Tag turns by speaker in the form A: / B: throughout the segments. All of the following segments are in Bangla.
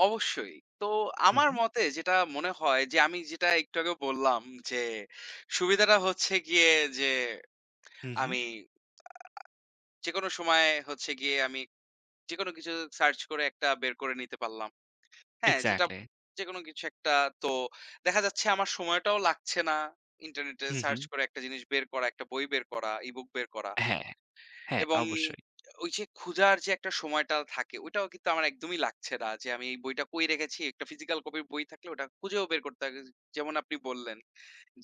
A: অবশ্যই। তো
B: হুম,
A: আমার
B: হুম।
A: মতে যেটা মনে হয় যে, আমি যেটা একটু আগেও বললাম যে, সুবিধাটা হচ্ছে গিয়ে যে,
B: হুম, হুম।
A: আমি আ যেকোনো সময় হচ্ছে গিয়ে, আমি যেকোনো কিছু search করে একটা বের করে নিতে পারলাম। হ্যাঁ? যেটা
B: Exactly.
A: যেকোনো কিছু একটা তো, দেখা যাচ্ছে আমার সময়টাও লাগছে না, ইন্টারনেটে
B: হুম, হুম।
A: search করে একটা জিনিস বের করা, একটা বই বের করা, e-book বের করা।
B: হ্যাঁ, হ্যাঁ
A: এবং
B: অবশ্যই।
A: ঐ যে খুঁজার যে একটা সময়টা থাকে, ঐটাও কিন্তু আমার একদমই লাগছে না যে, আমি এই বইটা কই রেখেছি? একটা physical copy র বই থাকলে ওটা খুঁজেও বের করতে [unintelligible] যেমন আপনি বললেন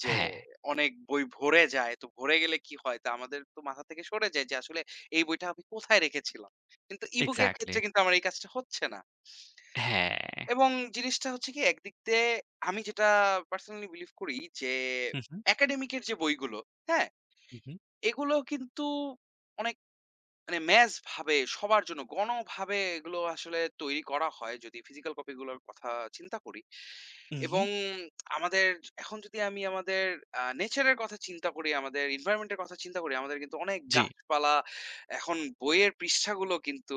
A: যে,
B: হ্যাঁ।
A: অনেক বই ভরে যায়। তো ভরে গেলে কি হয়? তা আমাদের তো মাথা থেকে সরে যায় যে, আসলে এই বইটা আমি কোথায় রেখেছিলাম? কিন্তু e-book এর ক্ষেত্রে
B: Exactly.
A: কিন্তু আমার এই কাজটা হচ্ছে না।
B: হ্যাঁ।
A: এবং জিনিসটা হচ্ছে কি? একদিক দিয়ে আমি যেটা personally believe করি যে,
B: হুম, হুম।
A: academic এর যে বইগুলো, হ্যাঁ?
B: হুম, হুম।
A: এগুলো কিন্তু অনেক মানে, mass ভাবে, সবার জন্য গণভাবে এগুলো আসলে তৈরি করা হয়, যদি physical copy গুলোর কথা চিন্তা করি। এবং
B: উহুম।
A: আমাদের, এখন যদি আমি আমাদের আ nature এর কথা চিন্তা করি, আমাদের environment এর কথা চিন্তা করি, আমাদের কিন্তু অনেক
B: জ্বী।
A: গাছপালা, এখন বইয়ের পৃষ্ঠাগুলো কিন্তু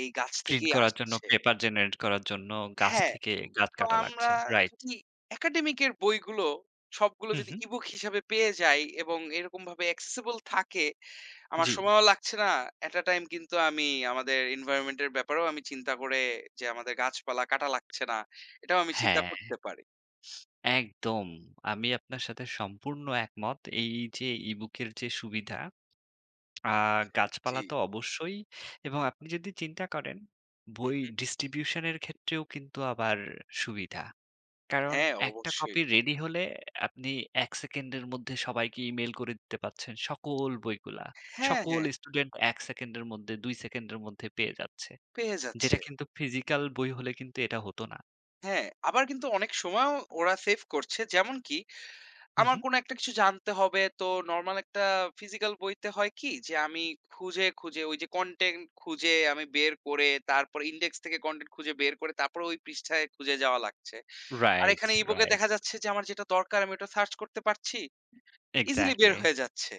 A: এই গাছ
B: প্রিন্ট
A: থেকেই
B: করার জন্য,
A: আসছে।
B: paper generate করার জন্য, গাছ
A: হ্যাঁ।
B: থেকে, গাছ
A: তো
B: কাটা
A: আমরা
B: লাগছে, রাইট।
A: যদি academic এর বইগুলো, সবগুলো
B: হুম,
A: যদি
B: হুম।
A: e-book হিসাবে পেয়ে যাই এবং এরকমভাবে accessible থাকে, আমার
B: জ্বী।
A: সময়ও লাগছে না, at a time কিন্তু, আমি আমাদের environment এর ব্যাপারেও আমি চিন্তা করে যে, আমাদের গাছপালা কাটা লাগছে না। এটাও আমি চিন্তা
B: হ্যাঁ।
A: করতে পারি।
B: একদম, আমি আপনার সাথে সম্পূর্ণ একমত। এই যে e-book এর যে সুবিধা, আর গাছপালা
A: জ্বী।
B: তো অবশ্যই। এবং আপনি যদি চিন্তা করেন,
A: হুম,
B: বই
A: হুম।
B: distribution এর ক্ষেত্রেও কিন্তু আবার সুবিধা। কারণ
A: হ্যাঁ,
B: একটা
A: অবশ্যই।
B: copy ready হলে, আপনি ১ সেকেন্ডের মধ্যে সবাইকে e-mail করে দিতে পারছেন, সকল বইগুলা।
A: হ্যাঁ,
B: সকল
A: হ্যাঁ।
B: student ১ সেকেন্ডের মধ্যে, ২ সেকেন্ডের মধ্যে পেয়ে যাচ্ছে।
A: পেয়ে
B: যেটা
A: যাচ্ছে।
B: কিন্তু physical বই হলে কিন্তু এটা হতো না।
A: হ্যাঁ, আবার কিন্তু অনেক সময়ও ওরা save করছে। যেমনকি,
B: হুম,
A: আমার
B: হুম।
A: কোনো একটা কিছু জানতে হবে, তো নরমাল একটা physical বইতে হয় কি, যে আমি খুঁজে, খুঁজে ঐযে content খুঁজে আমি বের করে, তারপরে index থেকে content খুঁজে বের করে, তারপরে ঐ পৃষ্ঠায় খুঁজে যাওয়া লাগছে। আর
B: রাইট,
A: এখানে e-book এ
B: রাইট।
A: দেখা যাচ্ছে যে, আমার যেটা দরকার আমি ওটা search করতে পারছি। Easily বের
B: Exactly.
A: হয়ে যাচ্ছে।